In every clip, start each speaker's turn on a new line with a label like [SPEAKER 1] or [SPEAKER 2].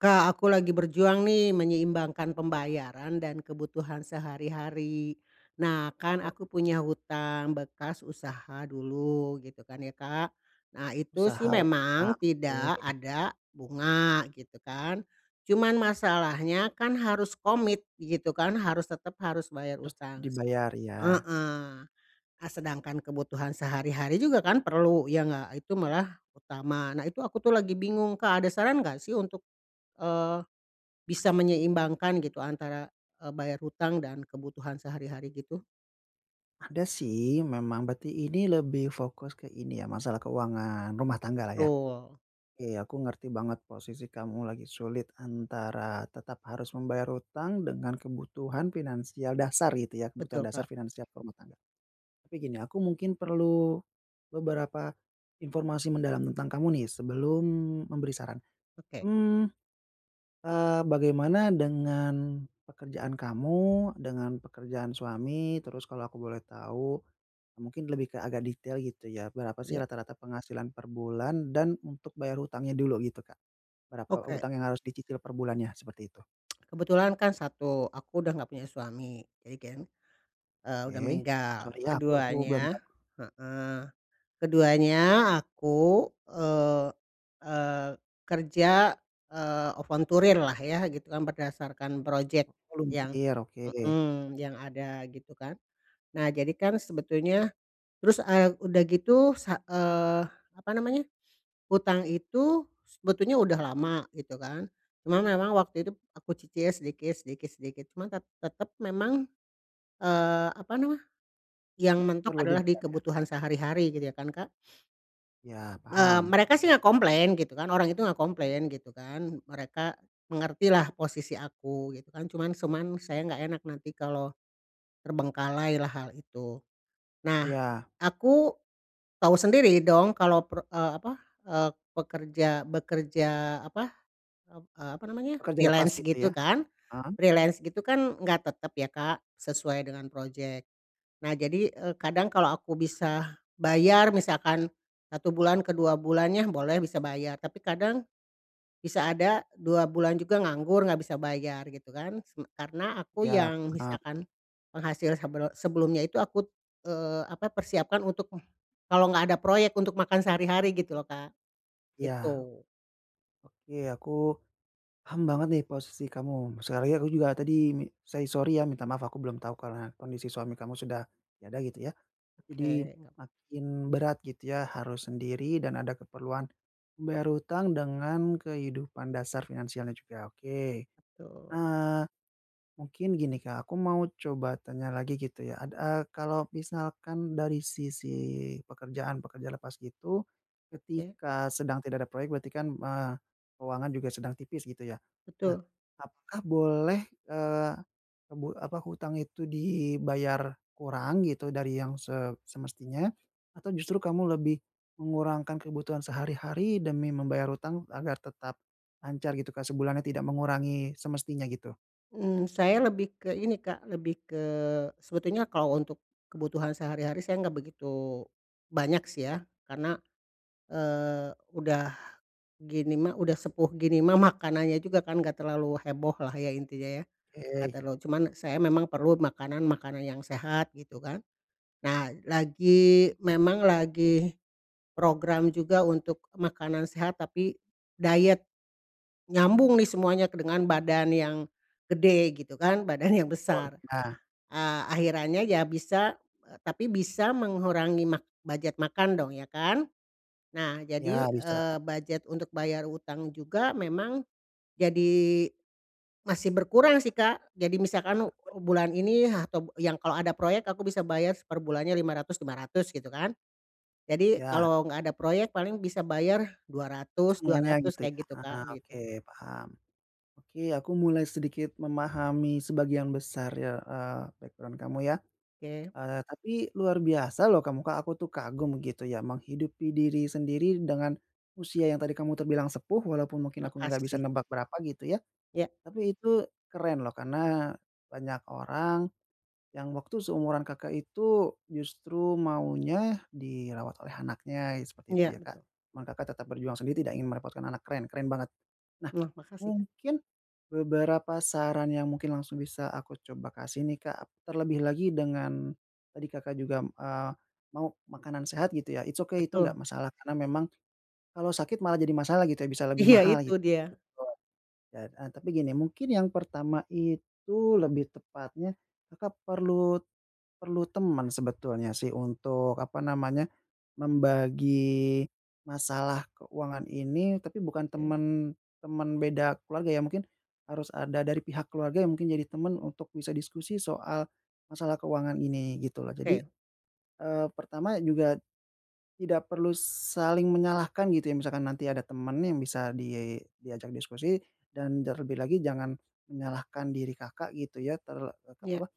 [SPEAKER 1] Kak, aku lagi berjuang nih menyeimbangkan pembayaran dan kebutuhan sehari-hari. Nah, kan
[SPEAKER 2] Oh.
[SPEAKER 1] aku punya hutang bekas usaha dulu, gitu kan, ya, Kak. Nah, itu sih
[SPEAKER 2] Usaha,
[SPEAKER 1] memang
[SPEAKER 2] usaha
[SPEAKER 1] tidak
[SPEAKER 2] boleh.
[SPEAKER 1] ada bunga, gitu kan. Cuman masalahnya kan, harus komit, gitu kan, harus tetep harus bayar
[SPEAKER 2] Harus
[SPEAKER 1] hutang
[SPEAKER 2] dibayar, iya.
[SPEAKER 1] heeh. E sedangkan kebutuhan sehari-hari juga kan perlu ya, enggak, itu malah utama. Nah, itu aku tuh lagi bingung, Kak, ada saran nggak sih untuk, eee, bisa menyeimbangkan gitu antara, eee, bayar hutang dan kebutuhan sehari-hari, gitu?
[SPEAKER 2] Ada sih, memang berarti ini lebih fokus ke ini ya, masalah keuangan rumah tangga lah, ya?
[SPEAKER 1] Betul.
[SPEAKER 2] Iya, ya, aku ngerti banget posisi kamu lagi sulit antara tetap harus membayar utang dengan kebutuhan finansial dasar, gitu ya, kebutuhan
[SPEAKER 1] Betul,
[SPEAKER 2] dasar
[SPEAKER 1] Kak.
[SPEAKER 2] finansial ke rumah tangga. Tapi gini, aku mungkin perlu beberapa informasi mendalam tentang kamu nih, sebelum memberi saran.
[SPEAKER 1] Oke.
[SPEAKER 2] Mmm, eee, bagaimana dengan pekerjaan kamu, dengan pekerjaan suami, terus kalau aku boleh tahu mungkin lebih ke agak detail, gitu ya. Berapa sih
[SPEAKER 1] Ya.
[SPEAKER 2] rata-rata penghasilan per bulan dan untuk bayar hutangnya dulu, gitu, Kak. Berapa
[SPEAKER 1] Oke.
[SPEAKER 2] hutang yang harus dicicil perbulannya, seperti itu.
[SPEAKER 1] Kebetulan kan satu, aku udah enggak punya suami, jadi kan, eee, udah
[SPEAKER 2] Oke.
[SPEAKER 1] meninggal.
[SPEAKER 2] Sorry ya, aku aku belum
[SPEAKER 1] Keduanya
[SPEAKER 2] tahu.
[SPEAKER 1] heeh, keduanya aku, eee eee, kerja, eee, volunteer lah ya gitu kan berdasarkan project yang
[SPEAKER 2] Volunteer, oke.
[SPEAKER 1] mmm, yang ada gitu kan. Nah, jadi kan sebetulnya terus, eee, udah gitu sa eee, apa namanya, hutang itu sebetulnya udah lama gitu kan. Cuma memang waktu itu aku cicil sedikit sedikit sedikit, cuman tet tetep memang, eee, apa nama, yang mentok
[SPEAKER 2] Perlu
[SPEAKER 1] adalah di
[SPEAKER 2] dibayar ya.
[SPEAKER 1] kebutuhan sehari-hari gitu ya kan, Kak.
[SPEAKER 2] Iya,
[SPEAKER 1] Eee,
[SPEAKER 2] paham.
[SPEAKER 1] mereka sih enggak komplain gitu kan. Orang itu enggak komplain gitu kan. Mereka mengertilah posisi aku gitu kan. Cuman cuman saya enggak enak nanti kalau terbengkalailah hal itu. Nah,
[SPEAKER 2] Iya.
[SPEAKER 1] aku tahu sendiri dong kalau per eee, apa, eee, pekerja bekerja apa, ep eee, apa namanya,
[SPEAKER 2] Pekerja lepas
[SPEAKER 1] freelance
[SPEAKER 2] gitu
[SPEAKER 1] gitu
[SPEAKER 2] ya.
[SPEAKER 1] kan.
[SPEAKER 2] Eee
[SPEAKER 1] Freelance gitu kan enggak tetep ya, Kak, sesuai dengan project. Nah, jadi, eee, kadang kalau aku bisa bayar misalkan, 1 bulan ke 2 bulannya boleh bisa bayar. Tapi kadang, bisa ada 2 bulan juga nganggur nggak bisa bayar gitu kan seme karena aku
[SPEAKER 2] Iya,
[SPEAKER 1] yang
[SPEAKER 2] paham.
[SPEAKER 1] misalkan penghasil sebel sebelumnya itu aku, eee, apa, persiapkan untuk kalau enggak ada proyek, untuk makan sehari-hari gitu loh, Kak,
[SPEAKER 2] Iya.
[SPEAKER 1] gitu.
[SPEAKER 2] Oke, aku paham banget nih posisi kamu. Sekali lagi aku juga tadi mi say sorry ya, minta maaf, aku belum tahu karna kondisi suami kamu sudah tiada gitu ya. Jadi
[SPEAKER 1] Oke, nga
[SPEAKER 2] makin berat gitu ya harus sendiri dan ada keperluan membayar hutang dengan kehidupan dasar finansialnya juga. Oke.
[SPEAKER 1] Betul.
[SPEAKER 2] Eee, mungkin gini, Kak, aku mau coba tanya lagi gitu ya ad eee, kalau misalkan dari sisi pekerjaan pekerja lepas gitu,
[SPEAKER 1] Ya.
[SPEAKER 2] ketika sedang tidak ada proyek berarti kan, eee, keuangan juga sedang tipis gitu ya. Nah,
[SPEAKER 1] Betul.
[SPEAKER 2] apakah boleh, eee, ebu apa, hutang itu dibayar kurang gitu dari yang se semestinya, atau justru kamu lebih mengurangkan kebutuhan sehari-hari demi membayar hutang agar tetap lancar gitu kan sebulannya tidak mengurangi semestinya gitu?
[SPEAKER 1] Mmm, saya lebih ke ini Kak, lebih ke sebetulnya kalau untuk kebutuhan sehari-hari saya enggak begitu, banyak sih ya, karena, eee, udah gini mah, udah sepuh gini mah makanannya juga kan enggak terlalu heboh lah ya. intinya ya. Gak
[SPEAKER 2] Eee.
[SPEAKER 1] terlalu cuman, saya memang perlu makanan-makanan yang sehat, gitu kan. Nah, lagi memang lagi, program juga, untuk makanan sehat tapi, diet. Nyambung nih semuanya ke dengan badan yang, gede gitu kan, badan yang
[SPEAKER 2] Betul,
[SPEAKER 1] besar.
[SPEAKER 2] nah.
[SPEAKER 1] Ah, akhirannya ya bisa, eee, tapi bisa mengurangi mak budget makan dong ya kan. Nah,
[SPEAKER 2] Ya,
[SPEAKER 1] jadi
[SPEAKER 2] bisa.
[SPEAKER 1] eee, budget untuk bayar hutang juga memang, jadi, masih berkurang sih Kak. Jadi, misalkan u
[SPEAKER 2] [unintelligible]
[SPEAKER 1] bulan ini atau yang kalau ada proyek, aku bisa bayar perbulannya lima ratus lima ratus gitu kan. Jadi,
[SPEAKER 2] Ya.
[SPEAKER 1] kalau enggak ada proyek, paling bisa bayar dua ratus dua
[SPEAKER 2] Setengahnya
[SPEAKER 1] ratus
[SPEAKER 2] gitu ya,
[SPEAKER 1] kayak gitu
[SPEAKER 2] ah,
[SPEAKER 1] Kak,
[SPEAKER 2] oke,
[SPEAKER 1] gitu.
[SPEAKER 2] paham. Oke, aku mulai sedikit memahami sebagian besar ya, eee, background kamu ya.
[SPEAKER 1] Ke.
[SPEAKER 2] Eee, tapi luar biasa loh kamu Kak, aku tuh kagum gitu ya, menghidupi diri sendiri dengan, usia yang tadi kamu terbilang sepuh walaupun mungkin aku enggak bisa
[SPEAKER 1] Makasih.
[SPEAKER 2] nebak berapa, gitu ya.
[SPEAKER 1] Ya.
[SPEAKER 2] Tapi, itu keren loh karena, banyak orang, yang waktu seumuran Kakak, itu justru maunya, dirawat oleh anaknya seperti itu
[SPEAKER 1] Iya,
[SPEAKER 2] ya, Kak.
[SPEAKER 1] betul.
[SPEAKER 2] Cuman, Kakak, tetep berjuang sendiri, tidak ingin merepotkan anak keren keren banget. Nah,
[SPEAKER 1] Wah, makasih.
[SPEAKER 2] mungkin beberapa saran yang mungkin langsung bisa aku coba kasih nih, Kak, terlebih lagi dengan, tadi Kakak, juga eee, mau makanan sehat gitu ya it's okay, itu enggak
[SPEAKER 1] Betul.
[SPEAKER 2] masalah karena memang, kalau sakit malah jadi masalah gitu ya, bisa lebih
[SPEAKER 1] Iya,
[SPEAKER 2] mahal
[SPEAKER 1] itu
[SPEAKER 2] gitu.
[SPEAKER 1] dia.
[SPEAKER 2] [unintelligible] Heeh, tapi gini, mungkin yang pertama itu lebih tepatnya Kakak, perlu perlu teman sebetulnya sih untuk, apa namanya membagi masalah keuangan ini, tapi bukan
[SPEAKER 1] Ya.
[SPEAKER 2] temen temen beda keluarga ya, mungkin harus ada dari pihak keluarga yang mungkin jadi temen untuk bisa diskusi soal, masalah keuangan ini, gitu loh. Jadi,
[SPEAKER 1] Oke.
[SPEAKER 2] eee, pertama juga, tidak perlu saling menyalahkan gitu ya, misalkan nanti ada temen yang bisa di diajak diskusi dan terlebih lagi jangan menyalahkan diri Kakak, gitu ya, ter eee, te
[SPEAKER 1] Iya.
[SPEAKER 2] apa,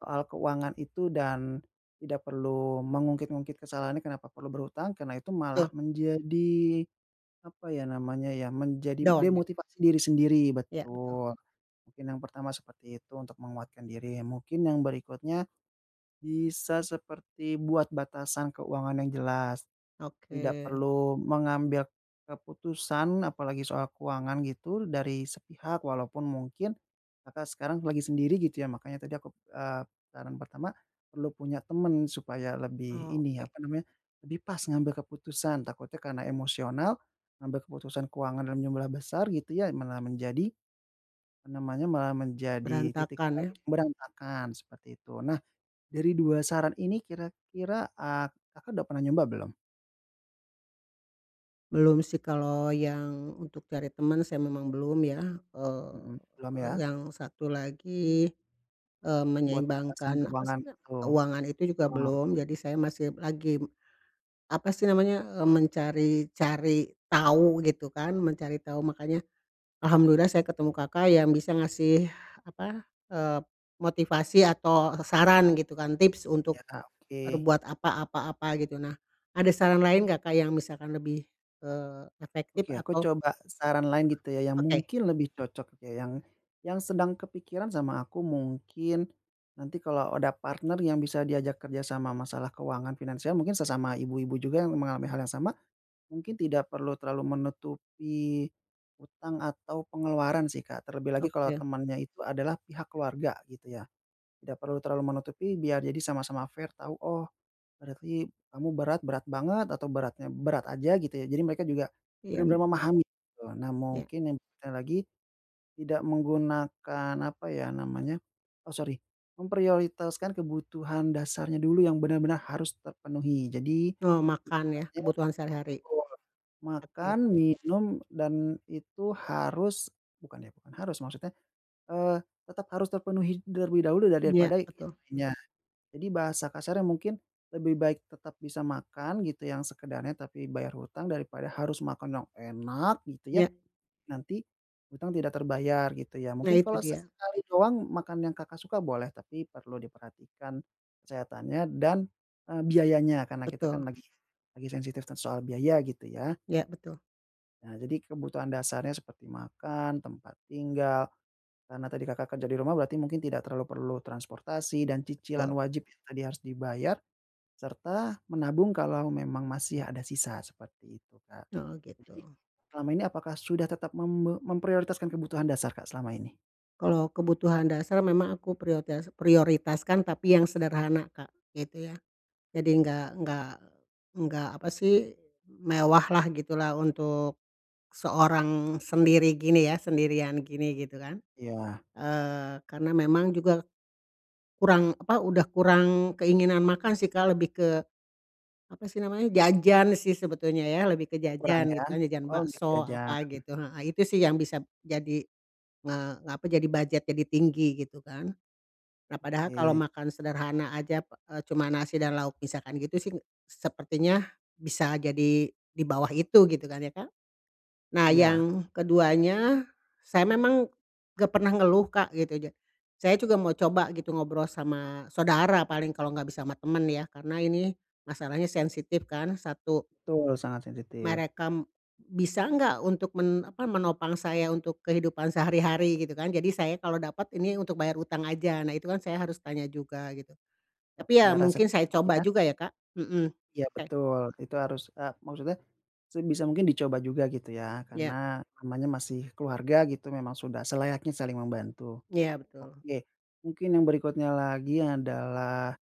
[SPEAKER 2] soal keuangan itu dan tidak perlu mengungkit-ngungkit kesalahannya kenapa perlu berhutang. Karena, itu malah
[SPEAKER 1] Tuh.
[SPEAKER 2] menjadi, apa ya namanya ya, menjadi
[SPEAKER 1] Down, ya.
[SPEAKER 2] demotivasi diri sendiri
[SPEAKER 1] Ya, betul.
[SPEAKER 2] betul. Mungkin yang pertama seperti itu, untuk menguatkan diri. Mungkin yang berikutnya, bisa seperti buat batasan keuangan yang jelas. Tidak
[SPEAKER 1] Oke.
[SPEAKER 2] perlu mengambil keputusan, apalagi soal keuangan gitu dari sepihak, walaupun mungkin, Kakak, sekarang lagi sendiri gitu ya makanya tadi akup eee, saran pertama, perlu punya temen supaya lebih ini,
[SPEAKER 1] Oke.
[SPEAKER 2] apa namanya, lebih pas ngambil keputusan. Takutnya, karena emosional ngambil keputusan keuangan dalam jumlah besar, gitu ya malah menjadi, apa namanya malah menjadi, titik
[SPEAKER 1] Berantakan ya.
[SPEAKER 2] balik berantakan seperti itu. Nah, dari 2 saran ini kira-kira ah Kakak, udah pernah nyoba belum?
[SPEAKER 1] Belum sih, kalau yang untuk cari temen, saya memang belum ya. Eee,
[SPEAKER 2] Mhm. Belum, ya.
[SPEAKER 1] yang satu lagi, eee,
[SPEAKER 2] Buat alasan
[SPEAKER 1] menyeimbangkan, apa sih
[SPEAKER 2] keuangan,
[SPEAKER 1] na
[SPEAKER 2] gitu.
[SPEAKER 1] keuangan itu juga
[SPEAKER 2] Heeh.
[SPEAKER 1] belum. Jadi saya masih lagi, apa sih namanya, eee, mencari-cari tahu, gitu kan, mencari tahu. Makanya, Alhamdulillah saya ketemu Kakak yang bisa ngasih, apa, eee, motivasi atau saran, gitu kan, tips untuk
[SPEAKER 2] Ya, oke.
[SPEAKER 1] berbuat apa apa apa, gitu. Nah, ada saran lain enggak, Kak, yang misalkan lebih, eee, efektif
[SPEAKER 2] Oke, aku
[SPEAKER 1] atau
[SPEAKER 2] coba saran lain gitu ya, yang
[SPEAKER 1] oke.
[SPEAKER 2] mungkin lebih cocok, ya. Yang yang sedang kepikiran sama aku mungkin nanti kalau ada partner yang bisa diajak kerja sama masalah keuangan finansial, mungkin sesama ibu-ibu juga yang mengalami hal yang sama, mungkin tidak perlu terlalu menutupi utang atau pengeluaran sih, Kak. Terlebih lagi kalau
[SPEAKER 1] Oke.
[SPEAKER 2] temannya itu adalah pihak keluarga, gitu ya. Tidak perlu terlalu menutupi, biar jadi sama-sama fair tahu, oh, berarti kamu berat berat banget, atau beratnya berat aja, gitu ya. Jadi mereka juga
[SPEAKER 1] Iya,
[SPEAKER 2] bener-bener
[SPEAKER 1] mmm.
[SPEAKER 2] memahami, gitu. Nah,
[SPEAKER 1] Ya.
[SPEAKER 2] mungkin yang te lagi, tidak menggunakan, apa ya namanya oh sori, memprioritaskan kebutuhan dasarnya dulu yang bener-bener harus terpenuhi. Jadi
[SPEAKER 1] Eee, makan ya,
[SPEAKER 2] ibaratnya
[SPEAKER 1] kebutuhan sehari-hari.
[SPEAKER 2] betul,
[SPEAKER 1] Oke.
[SPEAKER 2] makan, minum dan itu harus bukan ya, bukan harus maksudnya, eee, tetap harus terpenuhi terlebih dahulu ya,
[SPEAKER 1] Iya,
[SPEAKER 2] daripada yang
[SPEAKER 1] betul.
[SPEAKER 2] lainnya. Jadi bahasa kasarnya mungkin lebih baik tetap bisa makan gitu, yang sekedarnya, tapi bayar utang, daripada harus makan yang enak gitu ya,
[SPEAKER 1] Iya.
[SPEAKER 2] nanti utang tidak terbayar, gitu ya.
[SPEAKER 1] Nah,
[SPEAKER 2] Mungkin
[SPEAKER 1] itu
[SPEAKER 2] kalau
[SPEAKER 1] dia.
[SPEAKER 2] sesekali doang makan yang Kakak suka boleh, tapi perlu diperhatikan kesehatannya dan, eee, biayanya. Karena kita kan
[SPEAKER 1] Betul.
[SPEAKER 2] lagi lagi sensitif kan soal biaya, gitu, ya.
[SPEAKER 1] Ya, betul.
[SPEAKER 2] Nah, jadi kebutuhan dasarnya seperti makan, tempat tinggal, karena tadi Kakak kerja di rumah berarti mungkin tidak terlalu perlu transportasi dan cicilan
[SPEAKER 1] Tul.
[SPEAKER 2] wajib tadi harus dibayar, serta menabung kalau memang masih ada sisa seperti itu, Kak.
[SPEAKER 1] Oh,
[SPEAKER 2] Jadi,
[SPEAKER 1] gitu.
[SPEAKER 2] selama ini apakah sudah tetap membe memprioritaskan kebutuhan dasar, Kak, selama ini?
[SPEAKER 1] Kalau kebutuhan dasar memang aku prioritas prioritaskan, tapi yang sederhana, Kak, gitu ya. Jadi nggak nggak nggak, apa sih, mewah lah, gitu lah, untuk seorang sendiri gini ya, sendirian gini, gitu kan.
[SPEAKER 2] Iya.
[SPEAKER 1] Eee, karena memang juga kurang, apa, sudah kurang keinginan makan sih, Kak, lebih ke, apa sih namanya, jajan sih sebetulnya ya, lebih ke
[SPEAKER 2] Oh kurang,
[SPEAKER 1] jajan,
[SPEAKER 2] ya?
[SPEAKER 1] gitu kan. Jajan
[SPEAKER 2] Oh, nggak,
[SPEAKER 1] bakso,
[SPEAKER 2] jajan,
[SPEAKER 1] apa
[SPEAKER 2] mmm.
[SPEAKER 1] gitu, heeh, itu sih yang bisa jadi, eee, apa, jadi budget jadi tinggi, gitu kan. Nah, padahal kalau
[SPEAKER 2] Oke.
[SPEAKER 1] makan sederhana saja pe cuman nasi dan lauk misalkan gitu sih, sepertinya bisa jadi di bawah itu, gitu kan, ya kan. Nah,
[SPEAKER 2] Iya.
[SPEAKER 1] yang keduanya, saya memang enggak pernah ngeluh, Kak, gitu ja saya juga mau coba gitu, ngobrol sama saudara, paling kalau enggak bisa sama temen ya, karena ini masalahnya sensitif kan, satu.
[SPEAKER 2] Betul, sangat sensitif.
[SPEAKER 1] Merekam bisa nggak untuk men apa, menopang saya untuk kehidupan sehari-hari, gitu kan. Jadi saya kalau dapet ini untuk bayar hutang aja. Nah, itu kan saya harus tanya juga, gitu.
[SPEAKER 2] Eee,
[SPEAKER 1] Tapi ya
[SPEAKER 2] ada rasa
[SPEAKER 1] mungkin saya
[SPEAKER 2] [unintelligible]
[SPEAKER 1] coba
[SPEAKER 2] ya.
[SPEAKER 1] juga ya, Kak, mhm.
[SPEAKER 2] Iya,
[SPEAKER 1] Oke.
[SPEAKER 2] betul. Itu harus, eee, maksudnya, sebisa mungkin dicoba juga, gitu ya.
[SPEAKER 1] Iya.
[SPEAKER 2] Karena namanya masih keluarga, gitu. Memang sudah selayaknya saling membantu.
[SPEAKER 1] Iya, betul.
[SPEAKER 2] Oke, mungkin yang berikutnya lagi adalah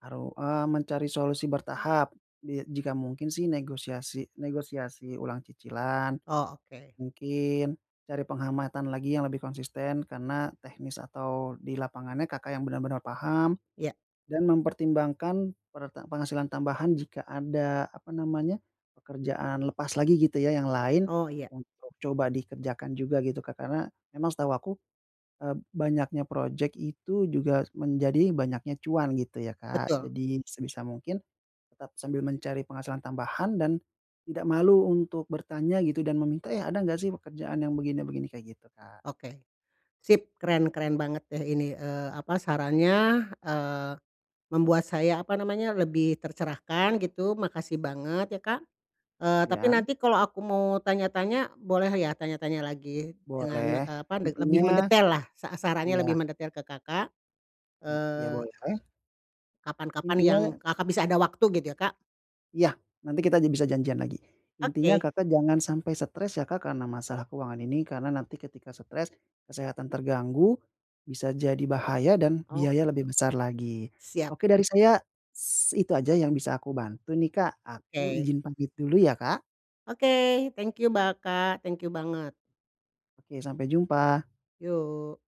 [SPEAKER 2] baru, eee, mencari solusi bertahap. Di jika mungkin sih negosiasi negosiasi ulang cicilan.
[SPEAKER 1] Oh, oke.
[SPEAKER 2] Mungkin cari penghamatan lagi yang lebih konsisten karena teknis atau di lapangannya Kakak yang bener-bener paham
[SPEAKER 1] Iya.
[SPEAKER 2] dan mempertimbangkan pere penghasilan tambahan jika ada, apa namanya, pekerjaan lepas lagi, gitu ya, yang lain
[SPEAKER 1] Oh, iya.
[SPEAKER 2] untuk coba dikerjakan juga, gitu, Kak. Karena memang setahu aku, eee, banyaknya projek itu juga menjadi banyaknya cuan, gitu, ya, Kak.
[SPEAKER 1] Betul.
[SPEAKER 2] Jadi sebisa mungkin tetap sambil mencari penghasilan tambahan dan tidak malu untuk bertanya gitu dan meminta, iya, "Ada nggak sih pekerjaan yang begini-begini?" kayak gitu, Kak.
[SPEAKER 1] Oke. Sip! Keren-keren banget deh ini, eee, apa, sarannya, eee, membuat saya, apa namanya, lebih tercerahkan, gitu. Makasih banget ya, Kak. Eee, tapi
[SPEAKER 2] Iya?
[SPEAKER 1] nanti kalau aku mau tanya-tanya boleh ya, tanya-tanya lagi dengan,
[SPEAKER 2] Boleh.
[SPEAKER 1] eee, apa, lebih
[SPEAKER 2] Intinya
[SPEAKER 1] mendetail lah sa sarannya lebih
[SPEAKER 2] iya.
[SPEAKER 1] mendetail ke Kakak.
[SPEAKER 2] Mmm, iya
[SPEAKER 1] Eee
[SPEAKER 2] boleh.
[SPEAKER 1] kapan-kapan yang
[SPEAKER 2] Intinya
[SPEAKER 1] Kakak bisa ada waktu, gitu ya, Kak.
[SPEAKER 2] Iya, nanti kita bisa janjian lagi. Intinya
[SPEAKER 1] Oke.
[SPEAKER 2] Kakak jangan sampai stres ya, Kak, karena masalah keuangan ini. Karena nanti ketika stres, kesehatan terganggu, bisa jadi bahaya dan
[SPEAKER 1] Oh,
[SPEAKER 2] biaya lebih
[SPEAKER 1] gitu.
[SPEAKER 2] besar lagi.
[SPEAKER 1] Siap.
[SPEAKER 2] Oke dari saya s itu saja yang bisa aku bantu nih, Kak, aku
[SPEAKER 1] Oke.
[SPEAKER 2] ijin pamit dulu ya, Kak.
[SPEAKER 1] Oke. Thank you, ba Kak. Thank you banget.
[SPEAKER 2] Oke. Sampai jumpa.
[SPEAKER 1] Yuk.